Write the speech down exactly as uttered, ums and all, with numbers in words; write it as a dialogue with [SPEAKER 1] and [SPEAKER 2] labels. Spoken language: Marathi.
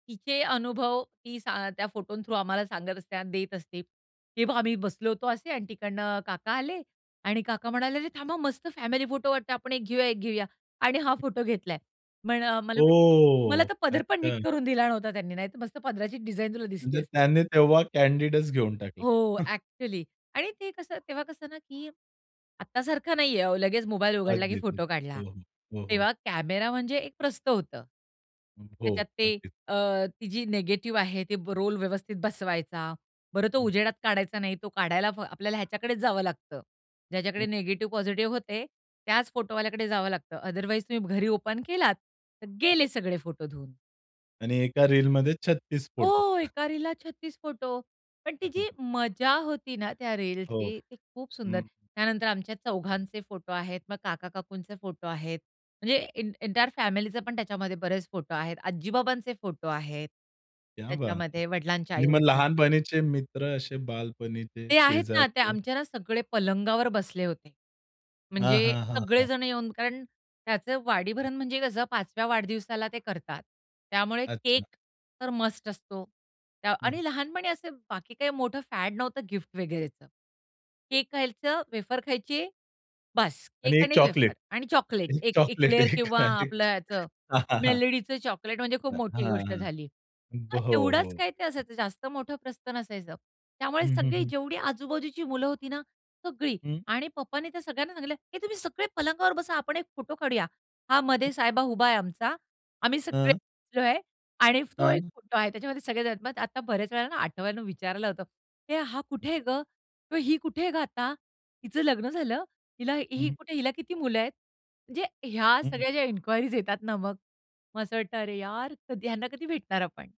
[SPEAKER 1] तिचे अनुभव ती सां त्या फोटों थ्रू आम्हाला सांगत असते आणि देत असते. हे बघ आम्ही बसलो होतो असे आणि तिकडनं काका आले आणि काका म्हणाले, "अरे थांबा मस्त फॅमिली फोटो वाटतं, आपण एक घेऊया, एक घेऊया." आणि हा
[SPEAKER 2] हं.
[SPEAKER 1] फोटो घेतलाय. पण मला म्हणे, "मला
[SPEAKER 2] ओ!
[SPEAKER 1] तर पदर पण
[SPEAKER 2] अच्छा.
[SPEAKER 1] नीट करून दिला नव्हता त्यांनी, नाहीतर मस्त पदराची डिझाइन तुला दिसली
[SPEAKER 2] म्हणजे
[SPEAKER 1] असती."
[SPEAKER 2] त्याने तेव्हा कॅन्डीडच घेऊन टाकला.
[SPEAKER 1] हो. ॲक्चुअली आणि ते कसं तेव्हा कसं ना, की आत्तासारखं नाहीये हो, लगेच मोबाईल उघडला की
[SPEAKER 2] अगदीच.
[SPEAKER 1] फोटो काढला.
[SPEAKER 2] हो, हो. हो, हो.
[SPEAKER 1] तेव्हा कॅमेरा म्हणजे एक प्रस्थ होतं.
[SPEAKER 2] हं, हो.
[SPEAKER 1] त्याच्यात ते
[SPEAKER 2] अगदीच.
[SPEAKER 1] अ, ती जी निगेटिव्ह आहे ती रोल व्यवस्थित बसवायचा. बरं तो
[SPEAKER 2] हं.
[SPEAKER 1] उजेडात काढायचा नाही. तो काढायला आपल्याला ह्याच्याकडेच जावं लागतं.
[SPEAKER 2] हं.
[SPEAKER 1] ज्याच्याकडे निगेटिव्ह, पॉझिटिव्ह होते त्याच फोटोवाल्याकडे जावं लागतं, अदरवाईज तुम्ही घरी ओपन केलात, तर गेले सगळे फोटो धुऊन.
[SPEAKER 2] आणि एका रीलमध्ये छत्तीस फोटो.
[SPEAKER 1] हो, एका रीलला छत्तीस फोटो. पण ती
[SPEAKER 2] हं, हं,
[SPEAKER 1] जी
[SPEAKER 2] हं.
[SPEAKER 1] मजा होती ना, त्या
[SPEAKER 2] हो.
[SPEAKER 1] रीलची, ती खूप सुंदर.
[SPEAKER 2] हं.
[SPEAKER 1] त्यानंतर आमच्या चौघांचे फोटो आहेत. मग काका-काकूंचे फोटो आहेत. म्हणजे एं एंटायर फॅमिलीचे पण त्याच्यामध्ये बरेच फोटो आहेत. आजी-बाबांचे फोटो आहेत.
[SPEAKER 2] क्या बात है!
[SPEAKER 1] त्याच्यामध्ये वडिलांच्या
[SPEAKER 2] आणि मग
[SPEAKER 1] आई-वडिलांचे
[SPEAKER 2] लहानपणीचे मित्र असे बालपणीचे,
[SPEAKER 1] ते आहेत ना, ते
[SPEAKER 2] शेजारचे?
[SPEAKER 1] आमच्या ना सगळे पलंगावर बसले होते.
[SPEAKER 2] हां,
[SPEAKER 1] म्हणजे
[SPEAKER 2] हां, हां, हां.
[SPEAKER 1] सगळेजण येऊन कारण त्याचं
[SPEAKER 2] हं.
[SPEAKER 1] वाढीभरण म्हणजे कसं पाच व्या वाढदिवसाला ते करतात. त्यामुळे
[SPEAKER 2] अच्छा.
[SPEAKER 1] केक तर मस्ट असतो
[SPEAKER 2] हं,
[SPEAKER 1] आणि
[SPEAKER 2] हं.
[SPEAKER 1] ते लहानपणी असं बाकी काही मोठं फॅड नव्हतं गिफ्ट वगैरेच. केक खायचं, वेफर खायचे बस.
[SPEAKER 2] आणि
[SPEAKER 1] केक
[SPEAKER 2] एक
[SPEAKER 1] आणि
[SPEAKER 2] चॉकलेट.
[SPEAKER 1] वेफर आणि चॉकलेट
[SPEAKER 2] एक
[SPEAKER 1] एक
[SPEAKER 2] चॉकलेट,
[SPEAKER 1] एक्लियर्स
[SPEAKER 2] एक
[SPEAKER 1] किंवा
[SPEAKER 2] हां, एक
[SPEAKER 1] आपलं ह्याचं
[SPEAKER 2] चॉ हां, हां.
[SPEAKER 1] मेलडीचं चॉकलेट म्हणजे खूप मोठी
[SPEAKER 2] हां,
[SPEAKER 1] गोष्ट
[SPEAKER 2] हां.
[SPEAKER 1] झाली. तर
[SPEAKER 2] ब हो, हो.
[SPEAKER 1] एवढाच काय ते
[SPEAKER 2] हं.
[SPEAKER 1] असायचं. जास्त मोठं प्रस्थ नसायचं. त्यामुळे
[SPEAKER 2] हं, हं,
[SPEAKER 1] सगळी
[SPEAKER 2] हं.
[SPEAKER 1] जेवढी आजू-बाजूची मुलं होती ना, सगळी
[SPEAKER 2] हं.
[SPEAKER 1] आणि पप्पानी त्या सगळ्यांना सांगितलं, "हे तुम्ही सगळे पलंगावर बसा, आपण एक फोटो काढूया." हा मधे
[SPEAKER 2] हं.
[SPEAKER 1] साहेबा उभा आहे आमचा ,आम्ही सगळे
[SPEAKER 2] हां.
[SPEAKER 1] बसलोय आणि तो एक
[SPEAKER 2] हां.
[SPEAKER 1] फोटो आहे त्याच्यामध्ये सगळेजण आहेत. मग आता बऱ्याच वेळेला ना, आठवून विचारायला होतं, "हे हा
[SPEAKER 2] हं.
[SPEAKER 1] कुठे ग? ही कुठे ग आता? हिचं लग्न झालं? हिला
[SPEAKER 2] हं,
[SPEAKER 1] ही
[SPEAKER 2] हं.
[SPEAKER 1] कुठे? हिला किती मुलं आहेत?" म्हणजे ह्या
[SPEAKER 2] हं, हं.
[SPEAKER 1] सगळ्या ज्या इन्क्वायरीज येतात ना मग, मग असं वाटत अरे यार, कधी ह्यांना कधी भेटणार आपण.